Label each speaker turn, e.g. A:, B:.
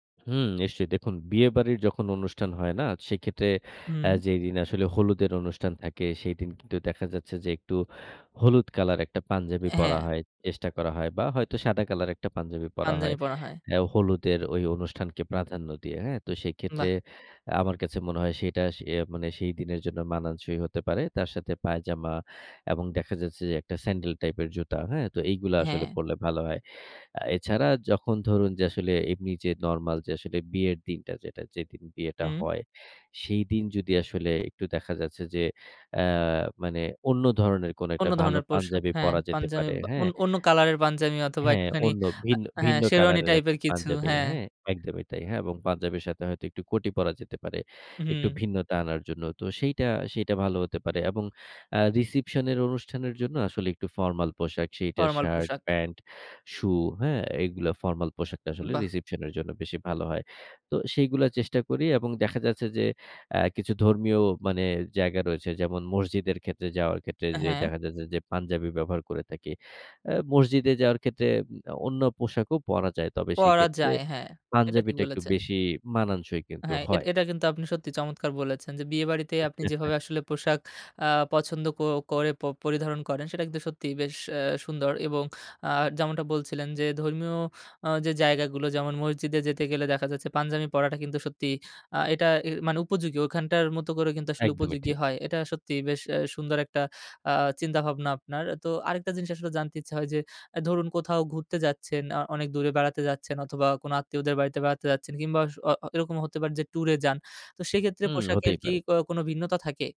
A: হুম, নিশ্চয়ই। দেখুন বিয়েবাড়ির যখন অনুষ্ঠান হয় না? সেক্ষেত্রে অ্যা
B: হুম।
A: যেদিন আসলে হলুদের অনুষ্ঠান থাকে, সেদিন কিন্তু দেখা যাচ্ছে যে, একটু হলুদ কালার একটা পাঞ্জাবি পরা
B: হ্যা।
A: হয়, চেষ্টা করা হয় বা হয়তো সাদা কালার একটা পাঞ্জাবি পরা
B: পাঞ্জামি
A: হয়।
B: পরা হয়।
A: অ্যা হলুদের অনুষ্ঠানকে প্রাধান্য দিয়ে হ্যা। তো সেক্ষেত্রে
B: বাহ!
A: আমার কাছে মনে হয় সেটা সে মানে, সেই দিনের জন্য মানানসই হতে পারে। তার সাথে পায়জামা এবং দেখা যাচ্ছে যে, একটা স্যান্ডেল টাইপের জুতা। হ্যা? তো এগুলা আসলে
B: হ্যা।
A: পড়লে ভালো হয়। অ্যা এছাড়া যখন ধরুন যে, আসলে এমনি যে নরমাল যে, আসলে বিয়ের দিনটা যেটা, যেদিন বিয়েটা
B: হুম।
A: হয়; সেইদিন যদি আসলে একটু দেখা যাচ্ছে যে, অ্যা মানে অন্য ধরনের কোনো
B: অন্য
A: একটা ভালো
B: ধরনের পোশাক,
A: পাঞ্জাবি
B: হ্যা।
A: পড়া যেতে
B: পাঞ্জাবি
A: পারে।
B: বা
A: হ্যা? এ
B: অন্য কালারের পাঞ্জাবি অথবা
A: হ্যা,
B: একটুখানি
A: অন্য,
B: আ
A: ভিন্ন,
B: হ্যা,
A: ভিন্ন কালার
B: সেরোয়ানি
A: এর
B: টাইপের
A: একটা
B: কিছু,
A: পাঞ্জাবি।
B: হ্যা।
A: হ্যা? একদমই তাই। হ্যাঁ এবং পাঞ্জাবের সাথে হয়তো একটু কটি পরা যেতে পারে, একটু
B: উহুম।
A: ভিন্নতা আনার জন্য। তো সেইটা, সেইটা ভালো হতে পারে। এবং আ রিসেপশন এর অনুষ্ঠানের জন্য আসলে একটু ফরমাল পোশাক সেইটা
B: ফরমাল
A: শার্ট,
B: পোশাক।
A: প্যান্ট, শু হ্যা? এগুলা ফরমাল পোশাকটা আসলে
B: বাহ!
A: রিসেপশন এর জন্য বেশি ভালো হয়। তো সেইগুলা চেষ্টা করি এবং দেখা যাচ্ছে যে, অ্যা কিছু ধর্মীয় মানে জায়গা রয়েছে যেমন, মসজিদের ক্ষেত্রে যাওয়ার ক্ষেত্রে যে
B: হ্যা।
A: দেখা যাচ্ছে যে, পাঞ্জাবি ব্যবহার করে থাকি। অ্যা মসজিদে যাওয়ার ক্ষেত্রে অন্য পোশাকও পরা যায়। তবে
B: পড়া
A: সেক্ষেত্রে
B: যায়। হ্যা, এটা ঠিক
A: পাঞ্জাবিটা একটু
B: বলেছেন।
A: বেশি মানাংশই কিন্তু
B: হ্যা, এটা,
A: হয়।
B: এটা কিন্তু আপনি সত্যি চমৎকার বলেছেন যে, বিয়েবাড়িতে আপনি যেভাবে আসলে পোশাক আ পছন্দ ক করে প পরিধারণ করেন, সেটা কিন্তু সত্যিই বেশ আ সুন্দর। এবং আ যেমনটা বলছিলেন যে, ধর্মীয় আ যে জায়গাগুলো যেমন, মসজিদে যেতে গেলে দেখা যাচ্ছে, পাঞ্জাবি পড়াটা কিন্তু সত্যি আ এটা এ মানে উপযোগী। ওখানটার মতো করে কিন্তু আসলে
A: একদমই
B: উপযোগী
A: ঠিক।
B: হয়। এটা সত্যিই বেশ এ সুন্দর একটা আ চিন্তা-ভাবনা আপনার। তো আরেকটা জিনিস আসলে জানতে ইচ্ছা হয় যে ধরুন, কোথাও ঘুরতে যাচ্ছেন, আ অনেক দূরে বেড়াতে যাচ্ছেন অথবা কোন আত্মীয়দের বাড়িতে বেড়াতে যাচ্ছেন কিংবা অস অ আ এরকম হতে পারে যে, টুরে যান। তো সেক্ষেত্রে
A: হুম,
B: পোশাকের
A: হতেই
B: কি
A: পারে।
B: ক কোন ভিন্নতা থাকে?